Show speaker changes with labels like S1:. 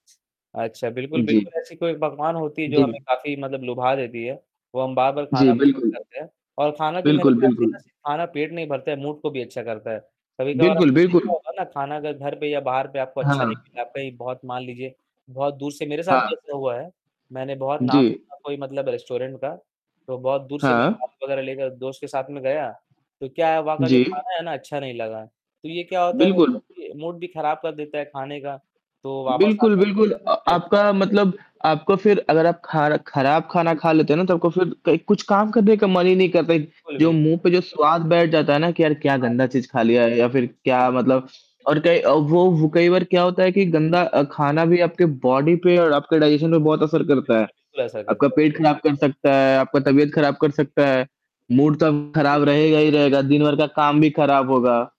S1: अच्छा, बिल्कुल,
S2: उ,
S1: बिल्कुल,
S2: जी।
S1: ऐसी कोई पकवान होती जो हमें
S2: जी।
S1: काफ़ी मतलब लुभा देती है, वो हम बार-बार
S2: जी,
S1: खाना पसंद
S2: बिल्कुल।
S1: करते हैं। और खाना जो मेरे
S2: बिल्कुल,
S1: ख़्याल से
S2: बिल्कुल।
S1: ना सि खाना पेट नहीं भरता है, मूड को भी अच्छा करता है। कभी-कभार
S2: बिल्कुल,
S1: आपने देखा
S2: बिल्कुल।
S1: होगा ना खाना अगर घर पे या बाहर पे आपको अच्छा
S2: हाँ।
S1: नहीं मिला, कहीं बहुत मान लीजिए बहुत दूर से मेरे साथ भी
S2: हाँ।
S1: ऐसा हुआ है, मैंने बहुत नाम
S2: जी।
S1: सुना कोई मतलब रेस्टोरेंट का, तो बहुत दूर से मैं
S2: हाँ।
S1: गाड़ी वगैरह लेकर दोस्त के साथ में गया, तो क्या है वहाँ का जो
S2: जी।
S1: खाना है ना अच्छा नहीं लगा। तो ये क्या होता है वो मूड
S2: बिल्कुल।
S1: भी मूड भी खराब कर देता है खाने का। तो वापस
S2: बिल्कुल,
S1: आकर
S2: बिल्कुल अ,
S1: अच्छा नहीं
S2: आपका
S1: लगा।
S2: मतलब आपको फिर अगर आप खार खराब खाना
S1: जी।
S2: खा लेते हो ना, तो आपको फिर कई कुछ काम करने का मन ही नहीं करता है।
S1: बिल्कुल,
S2: जो
S1: बिल्क
S2: मुँह पे जो स्वाद बैठ जाता है ना कि यार क्या
S1: हाँ।
S2: गंदा चीज़ खा लिया है या फिर
S1: जी,
S2: क्या
S1: जी।
S2: मतलब और कई अ, वो वो कई बार क्या होता है कि
S1: जी।
S2: गंदा अ, खाना भी आपके बॉडी पे और आपके डाइजेशन पे बहुत असर
S1: जी,
S2: करता है।
S1: बिल्कुल, बिल्कुल, ऐसा
S2: आपका
S1: करते हैं।
S2: पेट ख़राब कर
S1: बिल्कुल।
S2: सकता है, आपका तबीयत ख़राब कर
S1: जी।
S2: सकता है, मूड तो आपका
S1: जी।
S2: ख़राब रहेगा ही रहेगा, दिन भर का काम भी ख़राब होगा।